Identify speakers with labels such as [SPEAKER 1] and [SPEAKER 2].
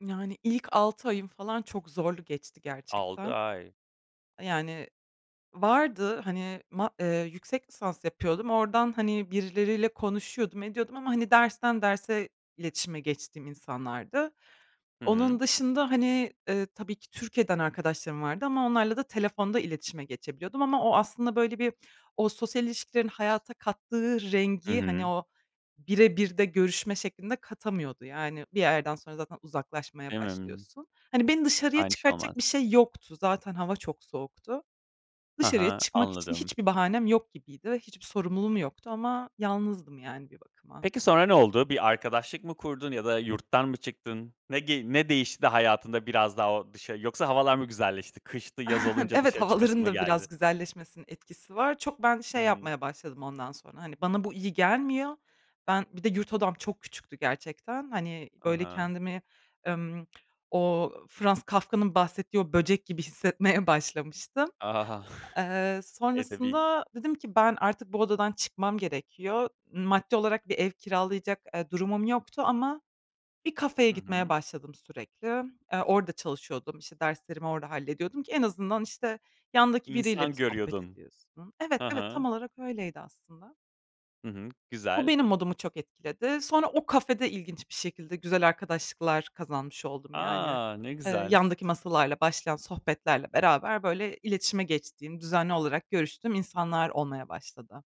[SPEAKER 1] Yani, ilk 6 ayım falan çok zorlu geçti,
[SPEAKER 2] 6
[SPEAKER 1] gerçekten.
[SPEAKER 2] ay.
[SPEAKER 1] Yani, vardı, hani, ma eee, yüksek lisans yapıyordum, oradan, hani, birileriyle konuşuyordum, ediyordum ama, hani, dersten derse iletişime geçtiğim insanlardı.
[SPEAKER 2] Hı hı.
[SPEAKER 1] Onun dışında, hani, ııı, tabii ki Türkiye'den arkadaşlarım vardı ama onlarla da telefonda iletişime geçebiliyordum ama o aslında, böyle bir, o sosyal ilişkilerin hayata kattığı
[SPEAKER 2] Hı
[SPEAKER 1] rengi, hani,
[SPEAKER 2] hı.
[SPEAKER 1] o bire bir de görüşme şeklinde katamıyordu. Yani, bir yerden sonra zaten uzaklaşmaya
[SPEAKER 2] Değil mi? Imm.
[SPEAKER 1] başlıyorsun. Hani, beni dışarıya
[SPEAKER 2] Aynı şey
[SPEAKER 1] çıkartacak bir
[SPEAKER 2] olmaz.
[SPEAKER 1] şey yoktu. Zaten hava çok soğuktu.
[SPEAKER 2] Hı
[SPEAKER 1] Dışarıya
[SPEAKER 2] hı,
[SPEAKER 1] çıkmak için
[SPEAKER 2] anladım.
[SPEAKER 1] hiçbir bahanem yok gibiydi. Hiçbir sorumluluğum yoktu ama yalnızdım, yani, bir bakıma.
[SPEAKER 2] Peki, sonra ne oldu? Bir arkadaşlık mı kurdun ya da yurttan mı çıktın? Ne ge ne değişti de hayatında biraz daha o dışa Yoksa havalar mı güzelleşti? Kıştı, yaz olunca
[SPEAKER 1] Evet,
[SPEAKER 2] dışarı çıkasın
[SPEAKER 1] havaların
[SPEAKER 2] mı
[SPEAKER 1] da
[SPEAKER 2] geldi?
[SPEAKER 1] biraz güzelleşmesinin etkisi var. Çok ben
[SPEAKER 2] Hı
[SPEAKER 1] şey
[SPEAKER 2] hı.
[SPEAKER 1] yapmaya başladım ondan sonra, hani, bana bu iyi gelmiyor. Ben, bir de yurt odam çok küçüktü gerçekten. Hani,
[SPEAKER 2] Hı
[SPEAKER 1] böyle
[SPEAKER 2] hı.
[SPEAKER 1] kendimi, ımm, o Franz Kafka'nın bahsettiği o böcek gibi hissetmeye başlamıştım.
[SPEAKER 2] Ah.
[SPEAKER 1] Eee,
[SPEAKER 2] Edebî.
[SPEAKER 1] sonrasında dedim ki, "Ben, artık bu odadan çıkmam gerekiyor." Maddi olarak bir ev kiralayacak, eee, durumum yoktu ama bir kafeye
[SPEAKER 2] Hı
[SPEAKER 1] gitmeye
[SPEAKER 2] hı.
[SPEAKER 1] başladım sürekli. Eee, orada çalışıyordum, işte, derslerimi orada hallediyordum, ki en azından, işte, yandaki biriyle
[SPEAKER 2] İnsan
[SPEAKER 1] bir sohbet
[SPEAKER 2] görüyordun.
[SPEAKER 1] ediyorsun. Evet,
[SPEAKER 2] Hı
[SPEAKER 1] evet, tam
[SPEAKER 2] hı.
[SPEAKER 1] olarak öyleydi, aslında.
[SPEAKER 2] Hı hı,
[SPEAKER 1] Bu,
[SPEAKER 2] güzel.
[SPEAKER 1] benim modumu çok etkiledi. Sonra o kafede ilginç bir şekilde güzel arkadaşlıklar kazanmış oldum, yani.
[SPEAKER 2] A! Ne
[SPEAKER 1] Iıı,
[SPEAKER 2] güzel.
[SPEAKER 1] yandaki masalarla başlayan sohbetlerle beraber, böyle, iletişime geçtiğim, düzenli olarak görüştüğüm insanlar olmaya başladı.